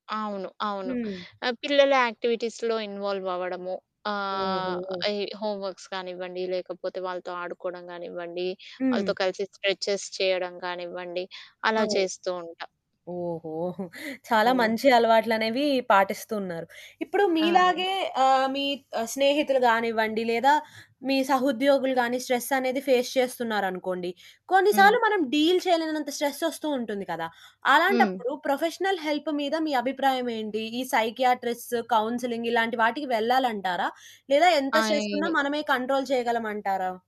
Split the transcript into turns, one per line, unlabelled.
అవును. అవును.
హ్మ్.
ఆహ్, పిల్లల యాక్టివిటీస్‌లో ఇన్వాల్వ్ అవ్వడము. ఆహ్,
ఓహో!
ఎ హోమ్ వర్క్స్ కానివ్వండి లేకపోతే వాళ్ళతో ఆడుకోవడం గానివ్వండి,
హ్మ్.
వాళ్ళతో కలిసి స్ట్రెచెస్ చేయడం గానివ్వండి
ఆ!
అలా చేస్తూ ఉంటా.
ఓహో! చాలా
హ్మ్.
మంచి అలవాట్లనేవి పాటిస్తున్నారు. ఇప్పుడు
ఆ!
మీలాగే ఆహ్, మీ స్నేహితులు గానివ్వండి లేదా, మీ సహోద్యోగులు గాని స్ట్రెస్ అనేది ఫేస్ చేస్తున్నారు అనుకోండి. కొన్ని
హ్మ్.
సార్లు మనం డీల్ చేయలేనంత స్ట్రెస్ వస్తూ ఉంటుంది కదా.
హ్మ్.
అలాంటప్పుడు ప్రొఫెషనల్ హెల్ప్ మీద మీ అభిప్రాయం ఏంటి? ఈ సైకియాట్రిస్ట్, కౌన్సెలింగ్ ఇలాంటి వాటికి వెళ్ళాలంటారా? లేదా ఎంత స్ట్రెస్ ఉన్నా
ఆయ్
మనమే కంట్రోల్ చేయగలమంటారా?